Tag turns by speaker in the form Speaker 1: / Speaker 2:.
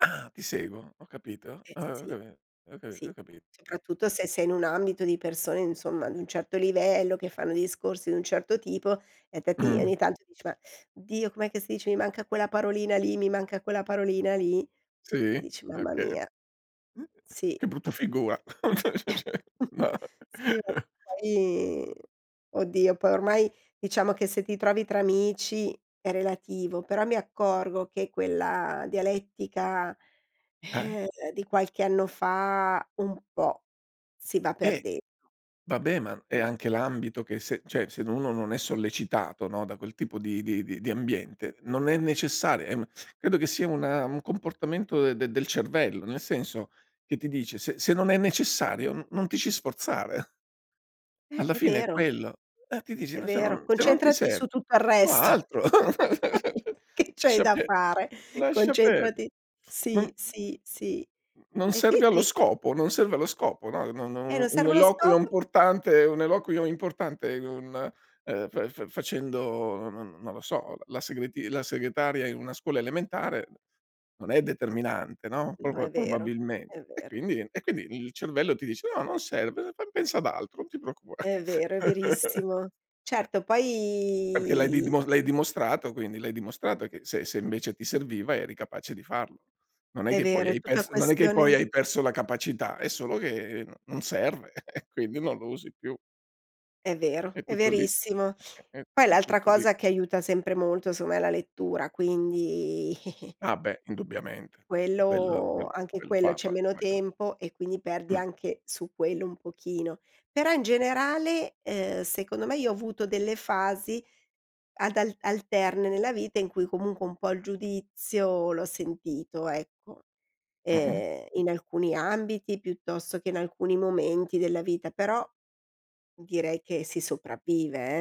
Speaker 1: Ah ti seguo, ho capito.
Speaker 2: Eh
Speaker 1: Ho ho
Speaker 2: sì,
Speaker 1: cai ho capi ho
Speaker 2: sì,
Speaker 1: capit
Speaker 2: soprattutto se sei in un ambito di persone, insomma, di un certo livello, che fanno discorsi di un certo tipo e fatti ogni
Speaker 1: Mh.
Speaker 2: tanto dici: "Ma Dio, com'è che si dice? Mi manca quella parolina lì, mi manca quella parolina lì". E
Speaker 1: Sì?
Speaker 2: dici: "Mamma
Speaker 1: Okay.
Speaker 2: mia!"
Speaker 1: Mh.
Speaker 2: Sì.
Speaker 1: Che brutta figura.
Speaker 2: Sì vabbè
Speaker 1: [unintelligible]
Speaker 2: poi oddio, poi ormai diciamo che se ti trovi tra amici è relativo, però mi accorgo che quella dialettica,
Speaker 1: Eh.
Speaker 2: di qualche anno fa un po' si va
Speaker 1: Eh,
Speaker 2: perdendo.
Speaker 1: vabbè ma è anche l'ambito che se cioè se uno non è sollecitato no, da quel tipo di di di ambiente, non è necessar eh ma credo che sia un un comportamento de del cervello, nel senso che ti dice: "Se se non è necessario, n non ti ci sforzare".
Speaker 2: Eh,
Speaker 1: Alla
Speaker 2: è
Speaker 1: fine è
Speaker 2: vero.
Speaker 1: quello. Eh, ti dice:
Speaker 2: È
Speaker 1: "N se
Speaker 2: vero.
Speaker 1: non se non ti
Speaker 2: Concentrati
Speaker 1: serv
Speaker 2: su tutto il
Speaker 1: io
Speaker 2: resto,
Speaker 1: altro.
Speaker 2: che c'hai
Speaker 1: Lascia
Speaker 2: da
Speaker 1: pe
Speaker 2: fare.
Speaker 1: lascia perde
Speaker 2: Concentrati
Speaker 1: non
Speaker 2: sì, sì, sì.
Speaker 1: non
Speaker 2: E qui
Speaker 1: serve
Speaker 2: ti
Speaker 1: allo
Speaker 2: dico
Speaker 1: scopo non serve allo scopo". No no
Speaker 2: Eh,
Speaker 1: no
Speaker 2: non
Speaker 1: un
Speaker 2: serve lo
Speaker 1: eloquio
Speaker 2: scopo.
Speaker 1: importante un eloquio importante, un e f fa facendo non non lo so, la segreti la segretaria in una scuola elementare non è determinante, no,
Speaker 2: No,
Speaker 1: proba
Speaker 2: è vero, è
Speaker 1: probabilmente. E
Speaker 2: vero.
Speaker 1: quindi e quindi il cervello ti dice: "No, non serve, fam pensa ad altro, non ti preoccupa"
Speaker 2: È vero, è verissimo.
Speaker 1: Eh.
Speaker 2: Certo,
Speaker 1: Perché l'hai
Speaker 2: poi
Speaker 1: didmo l'hai dimostrato, quindi l'hai dimostrato che se se invece ti serviva eri capace di farlo. Non è
Speaker 2: È
Speaker 1: che poi
Speaker 2: vero, è
Speaker 1: hai
Speaker 2: tutta
Speaker 1: perso non è che poi
Speaker 2: questione
Speaker 1: hai perso la capacità, è solo che no non serve e quindi non lo usi più.
Speaker 2: È vero,
Speaker 1: È
Speaker 2: è
Speaker 1: tutto lì
Speaker 2: verissimo.
Speaker 1: è è
Speaker 2: Poi
Speaker 1: è
Speaker 2: l'altra
Speaker 1: tutto lì.
Speaker 2: cosa che aiuta sempre molto, insomma, è la lettura, quindi
Speaker 1: Ah beh, indubbiamente quello quello
Speaker 2: Quello anche
Speaker 1: quello
Speaker 2: quello,
Speaker 1: fa
Speaker 2: c'è
Speaker 1: fa
Speaker 2: meno
Speaker 1: una gran
Speaker 2: tempo e quindi perdi
Speaker 1: mh.
Speaker 2: anche su quello un pochino. Però in generale, ehm, secondo me, io ho avuto delle fasi ad al alterne nella vita in cui comunque un po' il giudizio l'ho sentito, ecco.
Speaker 1: Mh-mh.
Speaker 2: Ehm, in
Speaker 1: Ok
Speaker 2: alcuni ambiti piuttosto che in alcuni momenti della vita, però direi che si sopravvive, eh.